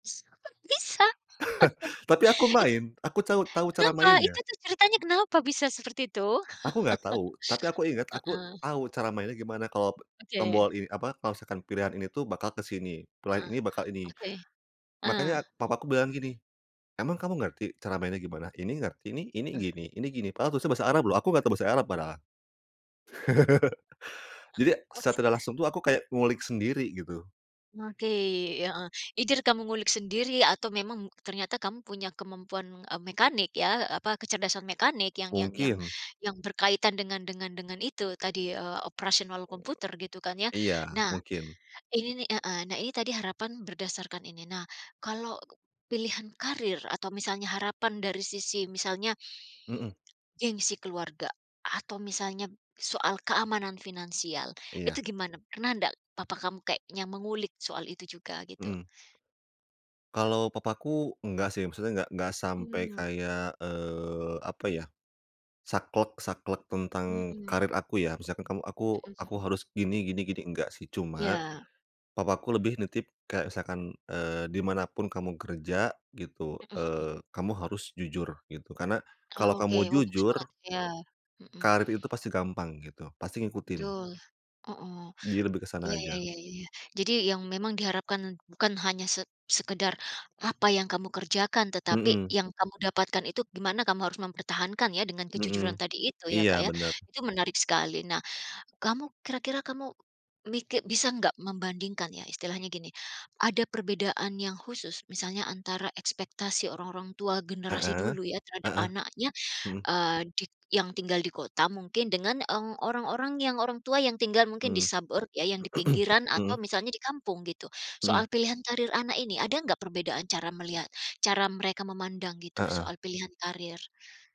S kok bisa? Tapi aku itu main, aku cau tahu cara kenapa, itu mainnya. itu ceritanya kenapa bisa seperti itu? Aku nggak tahu, tapi aku inget, aku Heeh. tahu cara mainnya gimana. Kalau Oke. tombol ini apa, kalau misalkan pilihan ini tuh bakal ke sini, pilihan Eh. ini bakal ini, Oke. Eh. makanya papaku bilang gini, "Emang kamu ngerti cara mainnya gimana?" "Ini ngerti nih, ini Ah. gini ini gini," padahal tulisannya Bahasa Arab loh, aku nggak tahu Bahasa Arab padahal. Jadi secara [unintelligible] langsung tuh aku kayak ngulik sendiri gitu. Oke, heeh. Either kamu ngulik sendiri atau memang ternyata kamu punya kemampuan, eee, mekanik ya, apa, kecerdasan mekanik yang yang yang Mungkin. yang berkaitan dengan dengan dengan itu tadi, eee, operasional Eee. komputer gitu kan ya. Iya, Nah, mungkin. ini nih heeh, nah ini tadi harapan berdasarkan ini. Nah kalau pilihan karir atau misalnya harapan dari sisi misalnya Mhm. gengsi keluarga atau misalnya soal keamanan finansial, Iya. itu gimana? Pernah ndak papa kamu kayaknya mengulik soal itu juga gitu. Mmm. Kalau papaku enggak sih, maksudnya enggak enggak sampai Mmm. kayak, eee, apa ya, saklek saklek tentang Mhm. karir aku ya. Misalkan kamu aku Mhm aku mhm. harus gini gini gini, enggak sih. Cuma Ya. papa aku lebih nitip kayak misalkan, eee, "Di mana pun kamu kerja," gitu, Mhm mhm. eee, "kamu harus jujur," gitu. "Karena kalau Oke, kamu wah, bagus jujur" banget ya, mhm. "karir itu pasti gampang," gitu. "pasti ngikutin." Betul. Hooh, Jadi lebih ke sana iya iya aja. iya iya iya iya. Jadi yang memang diharapkan bukan hanya se sekedar apa yang kamu kerjakan tetapi Mhm. yang kamu dapatkan itu gimana kamu harus mempertahankan ya dengan kejujuran Mhm. tadi itu ya Iya, Kak ya. bener. Itu menarik sekali. Nah, kamu kira-kira kamu miki bisa nggak membandingkan ya, istilahnya gini, ada perbedaan yang khusus misalnya antara ekspektasi orang-orang tua generasi Heeh, dulu ya terhadap heeh, anaknya, mhm. eee, di yang tinggal di kota mungkin dengan, eee, orang-orang yang orang tua yang tinggal mungkin di Hmm. suburb, yang di pinggiran atau Mhm. misalnya di kampung gitu? Soal Mhm. pilihan karir anak ini, ada nggak perbedaan cara melihat cara mereka memandang gitu, Heeh. soal pilihan karir?